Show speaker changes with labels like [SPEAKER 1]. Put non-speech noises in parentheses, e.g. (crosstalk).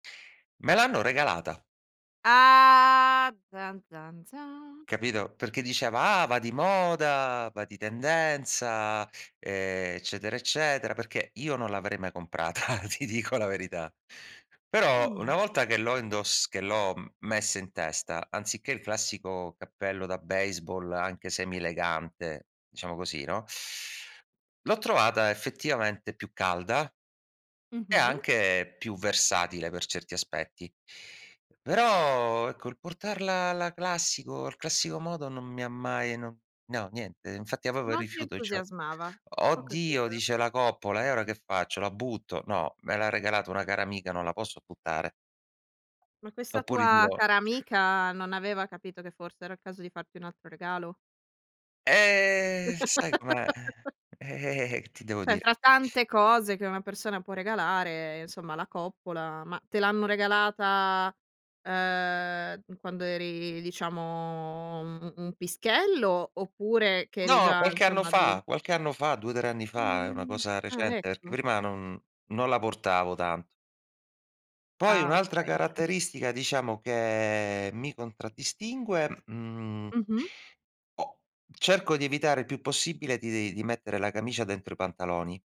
[SPEAKER 1] Me l'hanno regalata.
[SPEAKER 2] Ah tan tan zan.
[SPEAKER 1] Capito? Perché diceva: "Ah, va di moda, va di tendenza", ehm, eccetera, eccetera, perché io non l'avrei mai comprata, ti dico la verità. Però
[SPEAKER 2] Mh.
[SPEAKER 1] una volta che l'ho indos che l'ho messa in testa, anziché il classico cappello da baseball, anche semi-elegante, diciamo così, no? L'ho trovata effettivamente più calda, e
[SPEAKER 2] Mh-mh.
[SPEAKER 1] anche più versatile per certi aspetti. Però, ecco, il portarla alla classico al classico modo, non mi ha mai no no, niente. Infatti avevo
[SPEAKER 2] Non ti
[SPEAKER 1] rifiuto cio
[SPEAKER 2] entusiasmava. Ho
[SPEAKER 1] "Oddio",
[SPEAKER 2] capito.
[SPEAKER 1] dice: "La coppola, e ora che faccio? La butto?" No, me l'ha regalato una cara amica, non la posso buttare.
[SPEAKER 2] Ma questa
[SPEAKER 1] Oppure
[SPEAKER 2] tua
[SPEAKER 1] dico
[SPEAKER 2] cara amica, non aveva capito che forse era il caso di farti un altro regalo?
[SPEAKER 1] Eh, sai com'è, uhm,
[SPEAKER 2] (chuckles)
[SPEAKER 1] eh-eh eh-eh, che ti devo
[SPEAKER 2] Cioè,
[SPEAKER 1] dire.
[SPEAKER 2] fra tante cose che una persona può regalare, insomma la coppola, ma te l'hanno regalata, uhm, quando eri, diciamo, un un un pischello, oppure che eri
[SPEAKER 1] No,
[SPEAKER 2] già,
[SPEAKER 1] qualche anno
[SPEAKER 2] insomma, adul
[SPEAKER 1] fa, qualche anno fa, 2,3 anni fa, è una
[SPEAKER 2] Mh.
[SPEAKER 1] cosa
[SPEAKER 2] Ah,
[SPEAKER 1] recente, perché
[SPEAKER 2] ecco.
[SPEAKER 1] prima non non la portavo tanto. Poi
[SPEAKER 2] Ah,
[SPEAKER 1] un'altra
[SPEAKER 2] okay, okay.
[SPEAKER 1] caratteristica, diciamo, che mi contraddistingue, mhmm
[SPEAKER 2] Mh-mh.
[SPEAKER 1] o cerco di evitare il più possibile di di mettere la camicia dentro i pantaloni.